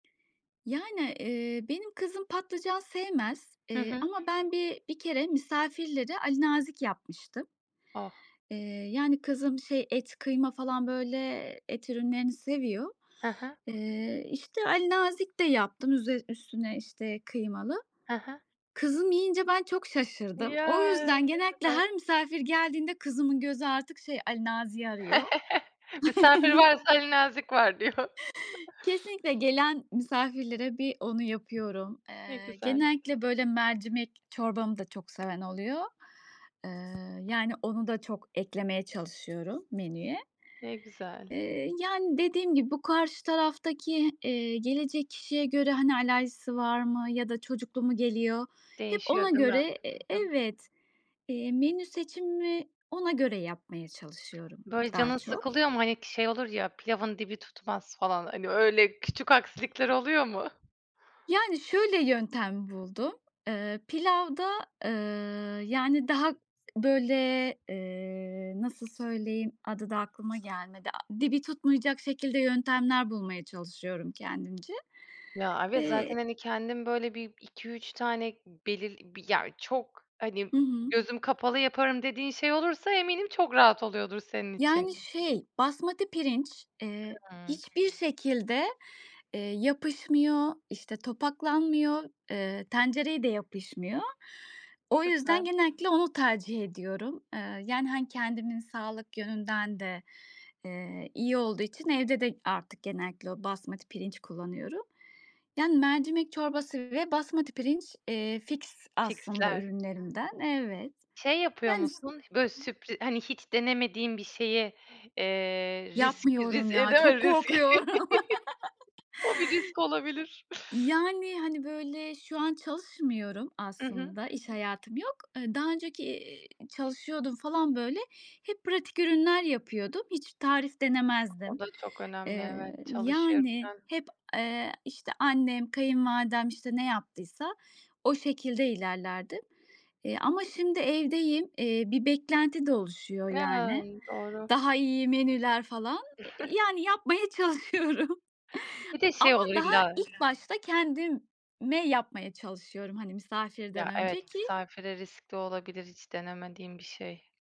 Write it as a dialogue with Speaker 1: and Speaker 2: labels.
Speaker 1: Yani, eee, benim kızım patlıcan sevmez,
Speaker 2: Hı
Speaker 1: eee,
Speaker 2: hı.
Speaker 1: ama ben bir bir kere misafirlere alinazik yapmıştım.
Speaker 2: Oh!
Speaker 1: Eee, yani, kızım şey et, kıyma falan böyle et ürünlerini seviyor.
Speaker 2: He he.
Speaker 1: Eee, işte, alinazik de yaptım üzer üstüne, işte, kıymalı.
Speaker 2: He he.
Speaker 1: Kızım yiyince ben çok şaşırdım. O
Speaker 2: Ya,
Speaker 1: yüzden
Speaker 2: ne
Speaker 1: genellikle
Speaker 2: güzel.
Speaker 1: her misafir geldiğinde kızımın gözü artık şey, Alinazik'i arıyor.
Speaker 2: Misafir varsa alinazik var, diyor.
Speaker 1: Kesinlikle. Gelen misafirlere bir onu yapıyorum.
Speaker 2: Ne
Speaker 1: Eee,
Speaker 2: güzel.
Speaker 1: genellikle, böyle, mercimek çorbamı da çok seven oluyor. Iıı, yani, onu da çok eklemeye çalışıyorum menüye.
Speaker 2: Ne güzel.
Speaker 1: Eee, yani, dediğim gibi bu karşı taraftaki, eee, gelecek kişiye göre hani alerjisi var mı ya da çocuklu mu geliyor? Hep ona
Speaker 2: Değişiyor, değil mi?
Speaker 1: göre E
Speaker 2: Tabii.
Speaker 1: evet. Eee, menü seçimimi ona göre yapmaya çalışıyorum,
Speaker 2: Böyle,
Speaker 1: daha
Speaker 2: canın
Speaker 1: çok.
Speaker 2: sıkılıyor mu? Hani k şey olur ya, pilavın dibi tutmaz falan. Hani, öyle küçük aksilikler oluyor mu?
Speaker 1: Yani şöyle, yöntem buldum. Iıı, pilavda, ııı, yani, daha böyle, eee- nasıl söyleyeyim adı da aklıma gelmedi. A dibi tutmayacak şekilde yöntemler bulmaya çalışıyorum kendimce.
Speaker 2: Ya, evet,
Speaker 1: Eee
Speaker 2: zaten, hani, kendin, böyle, bir 2-3 tane i belirli bir Ya, çok, hani,
Speaker 1: Hı hı.
Speaker 2: gözüm kapalı yaparım, dediğin şey olursa eminim çok rahat oluyordur, senin için.
Speaker 1: Yani, şey, basmati pirinç, eee,
Speaker 2: Hıı.
Speaker 1: hiçbir şekilde, eee, yapışmıyor, işte, topaklanmıyor, eee, tencereye de yapışmıyor. O yüzden,
Speaker 2: Süper.
Speaker 1: genellikle onu tercih ediyorum. Iıı, yani, hani, kendimin sağlık yönünden de, eee, iyi olduğu için evde de artık genellikle o basmati pirinç kullanıyorum. Yani, mercimek çorbası ve basmati pirinç, eee, fiks aslında
Speaker 2: Fiksler.
Speaker 1: ürünlerimden. Evet.
Speaker 2: Şey yapıyor
Speaker 1: Yani, s
Speaker 2: musun? H böyle, sürpri Hani, hiç denemediğin bir şeyi, eee, riski
Speaker 1: Yapmıyorum
Speaker 2: ris eee,
Speaker 1: ya,
Speaker 2: değil
Speaker 1: çok
Speaker 2: mi? Ris
Speaker 1: korkuyorum.
Speaker 2: O bir risk olabilir.
Speaker 1: Yani, hani, böyle, şu an çalışmıyorum
Speaker 2: Hı hı.
Speaker 1: aslında. İş hayatım yok. Iıı, daha önceki, iii, çalışıyordum falan, böyle. Hep pratik ürünler yapıyordum. Hiç tarif
Speaker 2: O
Speaker 1: denemezdim.
Speaker 2: da çok önemli. Evet,
Speaker 1: Eee, yani
Speaker 2: çalışırken.
Speaker 1: hep, eee, işte, annem, kayınvalidem, işte, ne yaptıysa o şekilde ilerlerdim. Eee, ama şimdi evdeyim. Eee, bir beklenti de oluşuyor, yani.
Speaker 2: [unintelligible] Doğru.
Speaker 1: Daha iyi menüler falan e i yani, yapmaya çalışıyorum.
Speaker 2: Bir de şey
Speaker 1: Ama
Speaker 2: olur
Speaker 1: daha
Speaker 2: illa
Speaker 1: ilk başta kendime yapmaya çalışıyorum, hani, misafirden
Speaker 2: Ya, evet.
Speaker 1: önce ki
Speaker 2: Misafire riskli olabilir, hiç denemediğin bir şey.